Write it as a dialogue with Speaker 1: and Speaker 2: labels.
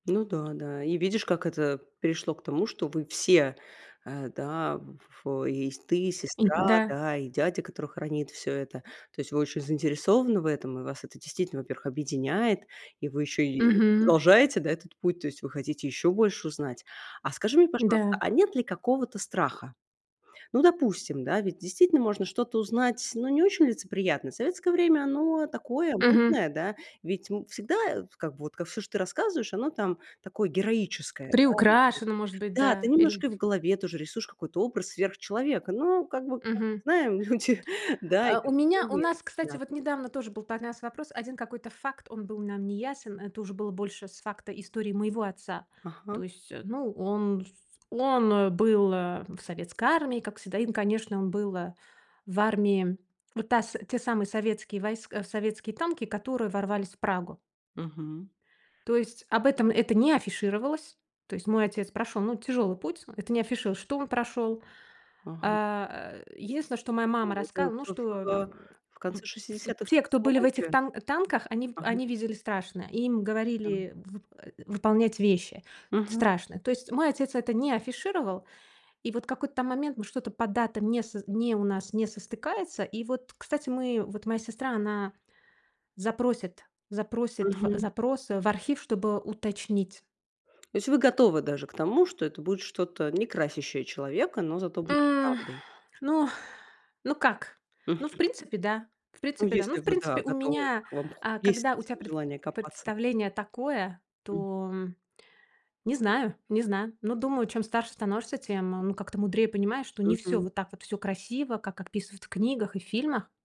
Speaker 1: Ну да, да. И видишь, как это перешло к тому, что вы все. Э, да, в фо есть ты,
Speaker 2: Инь Да.
Speaker 1: сестра, да, и дядя, который хранит всё это. То есть вы очень заинтересованы в этом, и вас это действительно, во-первых, объединяет, и вы еще и
Speaker 2: Мгм.
Speaker 1: продолжаете, да, этот путь. То есть вы хотите еще больше узнать. А скажи мне, пожалуйста,
Speaker 2: Да.
Speaker 1: а нет ли какого-то страха? Ну, допустим, да, ведь действительно можно что-то узнать, ну, не очень лицеприятное. Советское время- оно такое
Speaker 2: Мгм.
Speaker 1: мутное, да. Ведь, м, всегда, э, как бы, вот ка всё, что ты рассказываешь, оно там такое героическое, да, ну, как бы.
Speaker 2: Приукрашено может быть,
Speaker 1: Да, ты
Speaker 2: да, или
Speaker 1: немножко и в
Speaker 2: ф
Speaker 1: голове тоже рисуешь какой-то образ сверхчеловека, но, как бы, как мы
Speaker 2: Мгм.
Speaker 1: знаем, люди, да, и
Speaker 2: Э, у
Speaker 1: как бы
Speaker 2: меня у
Speaker 1: многие,
Speaker 2: нас, кстати,
Speaker 1: да
Speaker 2: вот недавно тоже был, поднялся вопрос. 1 какой-то факт, он был нам неясен. Это уже было больше с факта истории моего отца.
Speaker 1: Ага.
Speaker 2: То есть, э, ну, он с он, э, был, э, в Советской армии, как всегда. И, н конечно, он был, э, в армии. Вот та са те самые советские войска, э, в советские танки, которые ворвались в Прагу.
Speaker 1: Мгм.
Speaker 2: То есть об этом это не афишировалось. То есть мой отец прошел, ну, тяжелый путь. Это не афишировалось, что он прошел.
Speaker 1: Ага.
Speaker 2: А, э, единственное, что моя
Speaker 1: Да,
Speaker 2: мама
Speaker 1: это
Speaker 2: рассказывала, ну,
Speaker 1: ф
Speaker 2: что,
Speaker 1: фэ
Speaker 2: м,
Speaker 1: в
Speaker 2: м,
Speaker 1: конце
Speaker 2: в
Speaker 1: 60-х в
Speaker 2: те, кто были в этих
Speaker 1: Чехословакии?
Speaker 2: тан танках, они ви
Speaker 1: Ага.
Speaker 2: они видели страшное. И им
Speaker 1: Там.
Speaker 2: говорили вып э, выполнять вещи
Speaker 1: Мгм.
Speaker 2: страшные. То есть мой отец это не афишировал, и вот какой-то там момент, мы что-то по датам не сз не у нас не состыкуется. И вот, кстати, мы, вот моя сестра, она запросит запросит в
Speaker 1: Мгм.
Speaker 2: запросы в архив, чтобы уточнить.
Speaker 1: То есть вы готовы даже к тому, что это будет что-то не красящее человека, но зато будет правдой?
Speaker 2: Ну, ну как? Ну, в
Speaker 1: Мгм.
Speaker 2: принципе, да. В
Speaker 1: Ну,
Speaker 2: принципе, да. Ну,
Speaker 1: если
Speaker 2: в
Speaker 1: вы, да,
Speaker 2: принципе, у
Speaker 1: готовы,
Speaker 2: меня,
Speaker 1: вам хо
Speaker 2: а,
Speaker 1: есть
Speaker 2: когда у тя пред
Speaker 1: желание копаться.
Speaker 2: представление такое,
Speaker 1: М.
Speaker 2: то, м, не знаю, не знаю. Но, думаю, чем старше становишься, тем, э, ну, как-то мудрее понимаешь, что не всё
Speaker 1: Мгм.
Speaker 2: вот так вот всё красиво, как описывают в книгах и фильмах.